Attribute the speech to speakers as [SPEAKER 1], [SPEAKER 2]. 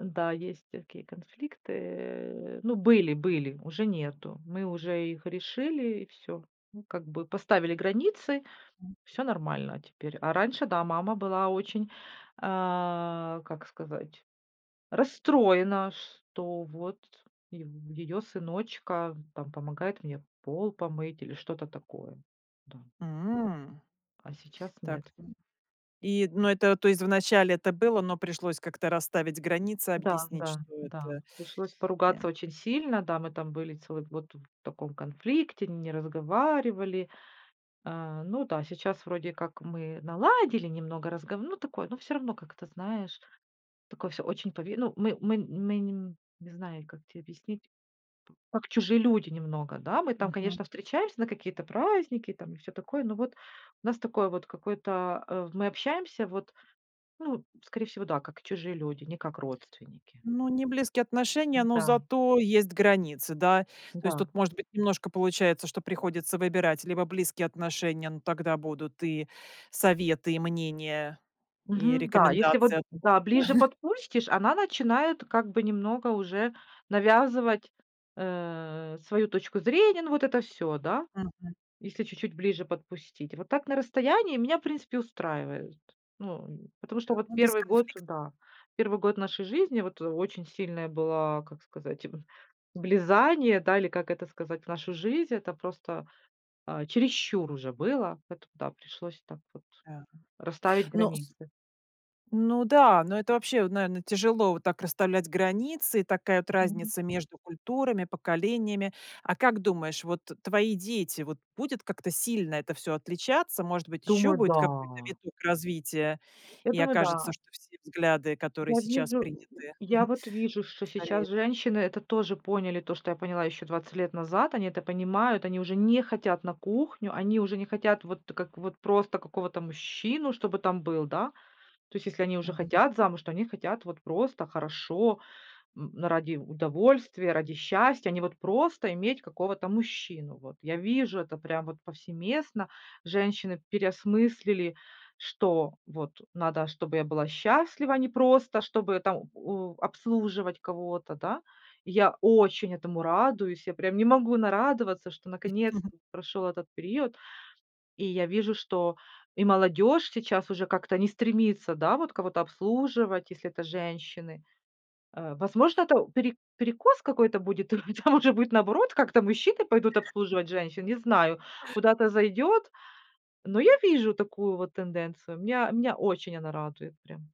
[SPEAKER 1] М-да, есть такие конфликты. Э, ну, были были, уже нету. Мы уже их решили и всё, ну, как бы поставили границы,
[SPEAKER 2] Мгм.
[SPEAKER 1] всё нормально теперь. А раньше, да, мама была очень, а, как сказать, расстроена, что вот и её сыночка там помогает мне пол помыть или что-то такое, да.
[SPEAKER 2] М.
[SPEAKER 1] А сейчас
[SPEAKER 2] Так.
[SPEAKER 1] нет.
[SPEAKER 2] Ну, и эт ну, это, то есть, вначале это было, но пришлось как-то расставить границы,
[SPEAKER 1] Да
[SPEAKER 2] объяснить,
[SPEAKER 1] да
[SPEAKER 2] что
[SPEAKER 1] да.
[SPEAKER 2] это
[SPEAKER 1] Пришлось
[SPEAKER 2] Э.
[SPEAKER 1] поругаться очень сильно. Да, мы там были целый год вот в таком конфликте, не разговаривали. А, ну да, сейчас вроде как мы наладили немного, разга ну, такое, но всё равно как-то, знаешь, такое всё очень пове ну. Мы мы мы не м, не знаю, как те объяснить, как чужие люди немного. Да, мы там,
[SPEAKER 2] Мгм.
[SPEAKER 1] конечно, встречаемся на какие-то праздники там и всё такое. Но вот нас такое вот какое-то, э, мы общаемся вот, ну, скорее всего, да, как чужие люди, не как родственники.
[SPEAKER 2] Ну, не близкие отношения, но
[SPEAKER 1] М-да.
[SPEAKER 2] зато есть границы, да. То есть
[SPEAKER 1] Да.
[SPEAKER 2] тут, может быть, немножко получается, что приходится выбирать либо близкие отношения, но тогда будут и советы, и мнения, и
[SPEAKER 1] Мгм, да. Если вот,
[SPEAKER 2] рекомендации о том,
[SPEAKER 1] да,
[SPEAKER 2] что
[SPEAKER 1] ближе подпустишь, она начинает как бы немного уже навязывать, э, свою точку зрения. Ну, вот это всё, да,
[SPEAKER 2] Мгм.
[SPEAKER 1] если чуть-чуть ближе подпустить. Вот так на расстоянии меня, в принципе, устраивают. Ну, нь потому что
[SPEAKER 2] Да,
[SPEAKER 1] вот
[SPEAKER 2] ну, без
[SPEAKER 1] 1 год,
[SPEAKER 2] конфликто
[SPEAKER 1] да, 1 год нашей жизни вот очень сильное было, как сказать, влезание, да, или как это сказать, в нашу жизнь. Это просто, а, чересчур уже было, поэтому, да, пришлось так вот
[SPEAKER 2] Да.
[SPEAKER 1] расставить
[SPEAKER 2] Ну с
[SPEAKER 1] границы.
[SPEAKER 2] Ну да, но это вообще, вот, наверно, тяжело вот так расставлять границы, такая вот
[SPEAKER 1] [unintelligible]
[SPEAKER 2] разница между культурами, поколениями. А как думаешь, вот твои дети, вот будет как-то сильно это всё отличаться? Может быть, ещё
[SPEAKER 1] Думаю,
[SPEAKER 2] будет какой-то
[SPEAKER 1] да.
[SPEAKER 2] виток развития,
[SPEAKER 1] Я
[SPEAKER 2] и
[SPEAKER 1] думаю,
[SPEAKER 2] окажется,
[SPEAKER 1] да.
[SPEAKER 2] что все взгляды, которые
[SPEAKER 1] Я
[SPEAKER 2] сейчас
[SPEAKER 1] вижу,
[SPEAKER 2] приняты,
[SPEAKER 1] у у я вот вижу, что
[SPEAKER 2] постареют.
[SPEAKER 1] сейчас женщины это тоже поняли, то что поняла еще 20 лет назад, они это понимают, они уже не хотят на кухню, они уже не хотят вот как вот просто какого-то мужчину, чтобы там был, да. То есть, если они уже
[SPEAKER 2] Мгм.
[SPEAKER 1] хотят замуж, то они хотят вот просто хорошо, м, ради удовольствия, ради счастья, а не вот просто иметь какого-то мужчину. Вот я вижу это прям вот повсеместно. Женщины переосмыслили, что вот надо, чтобы я была счастлива, а не просто чтобы там о обслуживать кого-то. Да, я очень этому радуюсь, я прям не могу нарадоваться, что наконец-то прошел этот период. И я вижу, что и молодежь сейчас уже как-то не стремится, да, вот кого-то обслуживать, если это женщины. Э, возможно, это пере перекос какой-то будет, а, там уже будет наоборот, как-то мужчины пойдут обслуживать женщин, не знаю, куда это зайдет. Но я вижу такую вот тенденцию. Меня меня очень она радует прям.